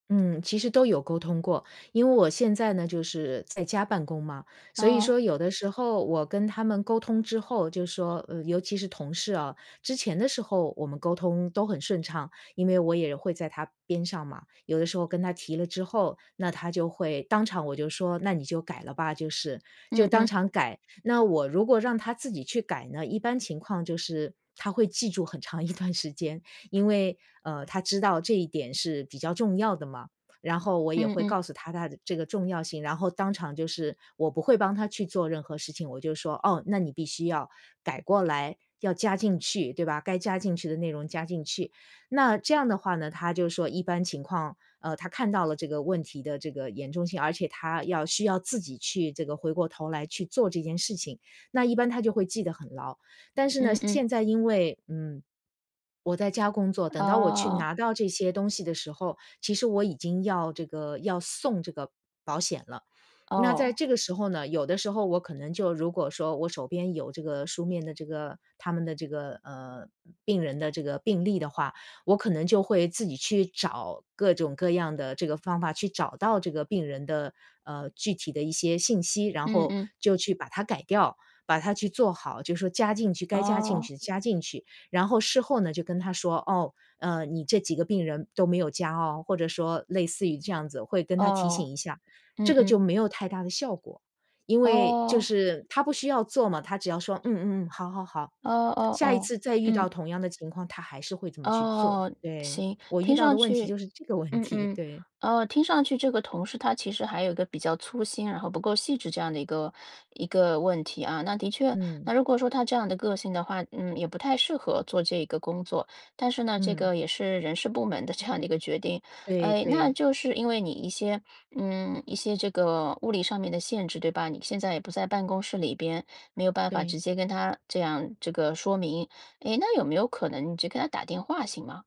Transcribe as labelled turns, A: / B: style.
A: 嗯，其实都有沟通过。因为我现在呢就是在家办公嘛，所以
B: 哦。
A: 说有的时候我跟他们沟通之后，就说，呃，尤其是同事啊，之前的时候我们沟通都很顺畅，因为我也会在他边上嘛，有的时候跟他提了之后，那他就会当场我就说那你就改了吧，就是，就
B: 嗯
A: 当
B: 嗯。
A: 场改。那我如果让他自己去改呢，一般情况就是，他会记住很长一段时间，因为，呃，他知道这一点是比较重要的嘛，然后我也
B: 嗯
A: 会
B: 嗯。
A: 告诉他它的这个重要性，然后当场就是我不会帮他去做任何事情，我就说：“哦，那你必须要改过来，要加进去，对吧。该加进去的内容加进去。”那这样的话呢，他就说一般情况，呃，他看到了这个问题的这个严重性，而且他要需要自己去这个回过头来去做这件事情，那一般他就会记得很牢。但是呢，
B: 嗯嗯。
A: 现在因为，嗯，我在家工作，等到我去
B: 哦。
A: 拿到这些东西的时候，其实我已经要这个要送这个保险了，那在
B: 哦。
A: 这个时候呢，有的时候我可能就如果说我手边有这个书面的这个他们的这个，呃，病人的这个病例的话，我可能就会自己去找各种各样的这个方法去找到这个病人的，呃，具体的一些信息，然
B: 嗯
A: 后
B: 嗯。
A: 就去把它改掉，把它去做好，就说加进去，该加进
B: 哦。
A: 去加进去。然后事后呢就跟他说：“哦，呃，你这几个病人都没有加哦。”或者说类似于这样子，会跟他提
B: 哦，
A: 醒一下。
B: 嗯
A: 这个
B: 嗯。
A: 就没有太大的效果，因为就
B: 哦。
A: 是他不需要做嘛，他只要说嗯嗯嗯，好好好，
B: 哦哦
A: 下一
B: 哦，
A: 次再遇到
B: 嗯。
A: 同样的情况，他还是会怎么去做。
B: 哦，
A: 对，
B: 行。
A: 我遇
B: 听
A: 到
B: 上
A: 的问题
B: 去
A: 就是这个问
B: 嗯
A: 题，
B: 嗯。
A: 对。
B: 呃，听上去这个同事他其实还有一个比较粗心然后不够细致这样的一个一个问题啊。那的确，
A: 嗯。
B: 那如果说他这样的个性的话，嗯，也不太适合做这个工作。但是呢，这
A: 嗯。
B: 个也是人事部门的这样的一个决定。
A: 对
B: 呃，那
A: 对。
B: 就是因为你一些 嗯，一些这个物理上面的限制，对吧？你现在也不在办公室里边，没有办法
A: 对。
B: 直接跟他这样这个说明，诶，那有没有可能你只给他打电话行吗？